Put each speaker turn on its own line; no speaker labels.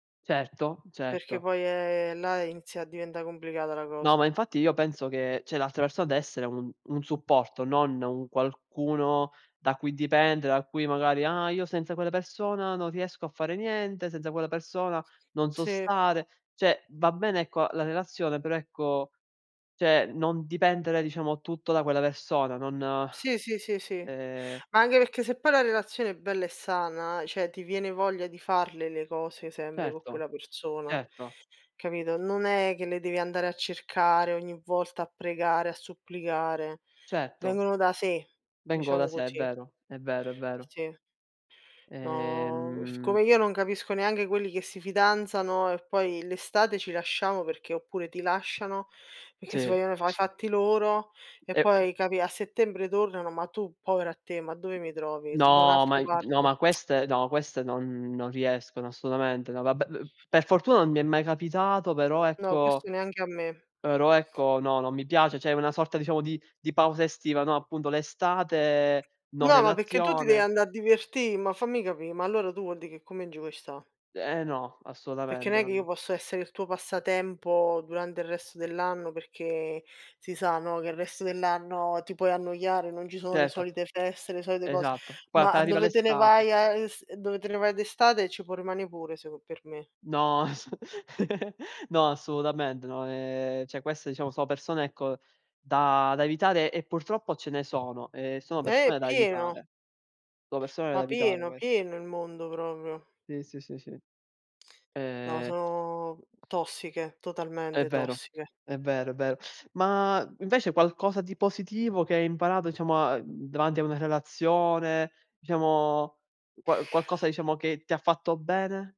Certo,
Perché
certo.
poi, ehm, là inizia a diventà complicata la
No, ma
cosa.
infatti io penso che cioè, l'altra persona deve essere un un supporto, non un qualcuno da cui dipendere, da cui magari: "Ah io senza quella persona non riesco a fare niente, senza quella persona non so
Sì.
stare". Cioè, va bene ecco la relazione, però ecco, cioè, non dipendere diciamo tutto da quella persona, non,
Sì, sì, sì, sì.
ehm
Anche perché se poi la relazione è bella e sana, cioè ti viene voglia di farle le cose sempre co'
Certo,
quella persona,
certo.
capito? Non è che le devi andare a cercare ogni volta a pregare, a supplicare,
Certo.
vengono da sé,
Vengono da
diciamo
sé, è
così.
vero, è vero, è vero.
Sì. No,
Ehm
siccome io non capisco neanche quelli che si fidanzano e poi l'estate ci lasciamo perché oppure ti lasciano, perché si
Sì.
vogliono fa i fatti loro e
E pe
poi capì a settembre tornano, ma tu povero a te, ma dove mi trovi? Da
No, ma
un'altra
i no,
parte.
ma queste no, queste non non riescono assolutamente. No, vabbè, p per fortuna non mi è mai capitato, però
No,
ecco
questo neanche a me.
però ecco no, non mi piace, cioè una sorta diciamo di di pausa estiva, no appunto l'estate, no
No, ma perché tu ti devi
relazione.
andare a divertì ma fammi capì, ma allora tu vuol dì che con me non ci vuoi sta.
Ehm, no,
Perché
assolutamente.
n'è che io
Non
posso essere il tuo passatempo durante il resto dell'anno perché si sa, no, che il resto dell'anno ti puoi annoiare, non ci sono le
Certo.
solite feste, le solite cose,
Esatto. Poi
ma
appena arriva
dove te ne
l'estate.
vai a s dove te ne vai d'estate ci può rimanere pure s per me.
No ass no, assolutamente, no, ehm, cioè queste diciamo sono persone ecco da da evitare e purtroppo ce ne sono e sono
Eh!
persone da
Pieno.
evitare. Sono persone da
Ma
evitare
pieno,
queste.
pieno il mondo, proprio.
Sì, sì, sì, sì.
No
Ehm
sono tossiche,
È
totalmente
vero,
tossiche.
è vero, è vero. Ma invece qualcosa di positivo che hai imparato diciamo a mhmm, davanti a una relazione, diciamo qua qualcosa diciamo che ti ha fatto bene?